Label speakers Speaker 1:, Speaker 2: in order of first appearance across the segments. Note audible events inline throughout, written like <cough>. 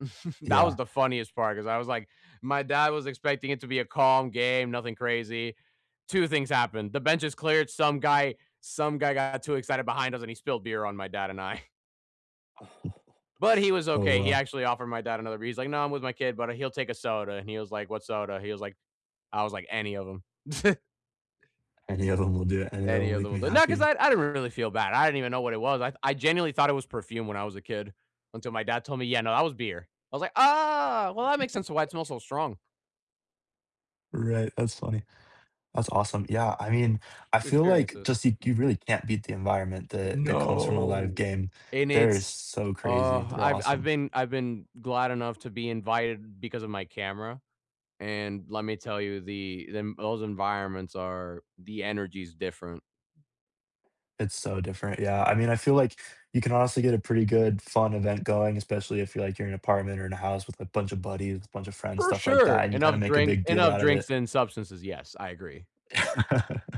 Speaker 1: <chuckles> That was
Speaker 2: Yeah.
Speaker 1: the funniest part, 'cause I was like, my dad was expecting it to be a calm game, nothing crazy. 2 things happened, the benches cleared, some guy some guy got too excited behind us, and he spilled beer on my dad and I.
Speaker 2: Oh.
Speaker 1: But he was
Speaker 2: Oh,
Speaker 1: okay; he
Speaker 2: wow.
Speaker 1: actually offered my dad another bee He's like, "No, I'm with my kid, but he'll take a soda," and he was like, "What soda?" He was like "I was like, any of them." <chuckles>
Speaker 2: Any of them will do it, any of
Speaker 1: Any
Speaker 2: them
Speaker 1: of
Speaker 2: make
Speaker 1: them,
Speaker 2: me
Speaker 1: wel not 'cause
Speaker 2: happy.
Speaker 1: I I didn't really feel bad, I didn't even know what it was, I I genuinely thought it was perfume when I was a kid, until my dad told me, "Yeah, no, that was beer." I was like, "Ah, well, that makes sense to why it smells
Speaker 2: <chuckles>
Speaker 1: so strong."
Speaker 2: Right, that's funny. That's awesome. Yeah, I mean, I feel like
Speaker 1: Experiences.
Speaker 2: just you you really can't beat the environment that that comes from a
Speaker 1: No,
Speaker 2: live game.
Speaker 1: and
Speaker 2: They're
Speaker 1: it's,
Speaker 2: so crazy,
Speaker 1: uh,
Speaker 2: they're
Speaker 1: I've I've
Speaker 2: awesome.
Speaker 1: been I've been glad enough to be invited because of my camera, and let me tell you, the the those environments are the energy is different.
Speaker 2: It's so different, yeah. I mean, I feel like you can honestly get a pretty good, fun event going, especially if you're like you're in an apartment or in a house with a bunch of buddies, a bunch of friends,
Speaker 1: For
Speaker 2: stuff like
Speaker 1: sure,
Speaker 2: that, and you kinda
Speaker 1: enough
Speaker 2: make a
Speaker 1: drinks
Speaker 2: big deal
Speaker 1: enough
Speaker 2: out of
Speaker 1: drinks
Speaker 2: it.
Speaker 1: and substances, yes, I agree.
Speaker 2: <laughs>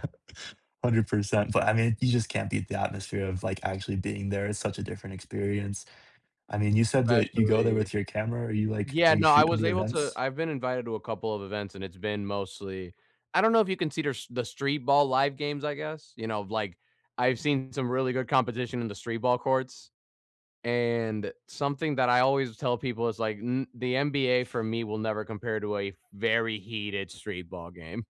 Speaker 2: 100%, but I mean, you just can't beat the atmosphere of like actually being there. It's such a different experience. I mean, you said that you go there
Speaker 1: Especially
Speaker 2: with your camera. Are you like,
Speaker 1: Yeah,
Speaker 2: are you
Speaker 1: no, I
Speaker 2: shooting
Speaker 1: was
Speaker 2: the
Speaker 1: able to
Speaker 2: events?
Speaker 1: I've been invited to a couple of events, and it's been mostly I don't know if you can see the street ball live games, I guess, you know, like, I've seen some really good competition in the street ball courts. And something that I always tell people is like, mm the NBA for me will never compare to a very heated street ball game.